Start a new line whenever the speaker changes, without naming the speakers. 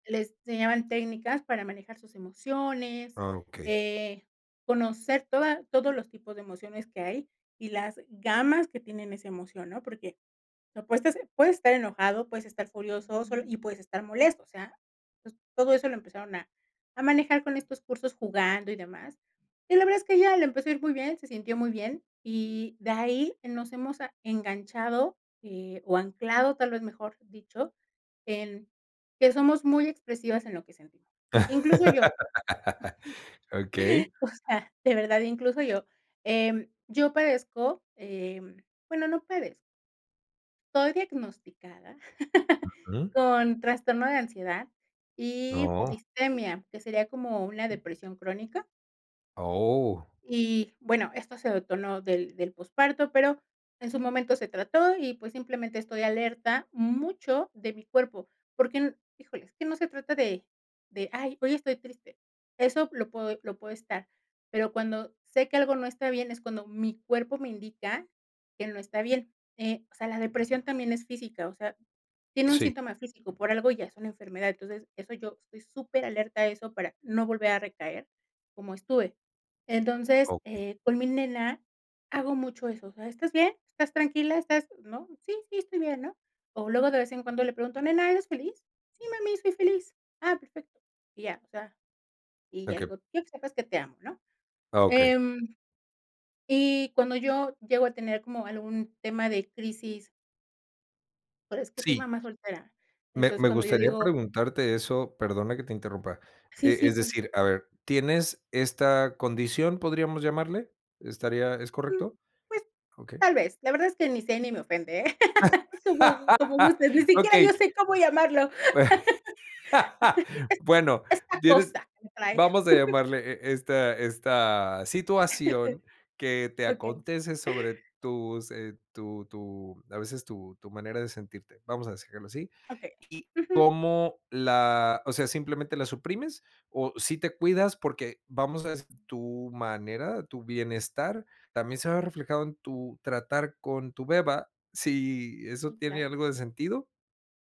Le enseñaban técnicas, para manejar sus emociones,
Ah, okey.
eh, conocer toda todos los tipos de emociones que hay, y las gamas, que tienen esa emoción, ¿no? Porque, no pues ta Puedes estar enojado, puedes estar furioso, solo y puedes estar molesto. O sea, pues, todo eso lo empezaron a a manejar, con estos cursos jugando, y demás. Y la verdad, es que a ella le empezó ir muy bien, se sintió muy bien. Y, de ahí, eh, nos hemos a enganchado, eh, o anclado, tal vez, mejor dicho, en que somos muy expresivas en lo que sentimos. Incluso yo
Okey.
O sea, de verdad, incluso yo. Em, yo padezco, em, bueno, no padez Estoy diagnosticada,
Ujú.
con trastorno de ansiedad y
Oh.
distimia, que sería, como una depresión crónica.
Oh.
Y, bueno, esto se detonó del del posparto, pero, en su momento se trató y, pues simplemente, estoy alerta, mucho, de mi cuerpo. Porque, n Híjole, es que no se trata de de: "Ay, hoy estoy triste", eso, lo puedo lo puedo estar, pero cuando sé que algo no está bien, es cuando mi cuerpo me indica, que no está bien. Eh, o sea, la depresión también es física, o sea, tiene un
Sí.
síntoma físico, por algo ya es una enfermedad. Entonces, eso Yo, estoy súper alerta a eso, para no volver a recaer, como estuve. Entonces,
Okey.
eh, con mi nena, hago mucho eso. O sea: "¿Estás bien? ¿Estás tranquila? ¿Estás?", ¿no? "Sí, sí, estoy bien", ¿no? O, luego de vez en cuando le pregunto: "Nena, ¿eres feliz?". "Sí, mami, soy feliz". "Ah, perfecto". Y ya. O sea, y ya le
[unintelligible]
digo: "Quiero que sepas que te amo", ¿no?
Ah, okey.
Em, y cuando yo, llego a tener, como algún tema de crisis Por eso es que soy
Sí.
mamá soltera.
Me
Entonces,
me
cuando yo
gustaría
digo
preguntarte eso. Perdona que te interrumpa.
Sí,
E
sí,
es
cuenta.
decir, a ver, tienes esta, ¿condición, podríamos llamarle? ¿Estaría es
Mm,
correcto?
pues,
Okey.
tal vez. La verdad, es que ni sé, ni me ofende, ¿eh? Como gu como gustes. Ni siquiera yo,
Okey.
sé cómo llamarlo.
Bue bueno,
Es esta
tienes
cosa, que trae.
vamos a llamarle, e esta esta situación, que te
Okey.
acontece sobre tus eh, tu tu, a veces, tu tu manera de sentirte. Vamos a s dejarlo así.
Okey.
Y
Ujú.
cómo la O sea, ¿simplemente la suprimes, o sí te cuidas? Porque vamos a [unintelligible] tu manera, tu bienestar, también se ve reflejado, en tu tratar con tu beba, si, ¿eso
Sí,
tiene
claro.
algo de sentido?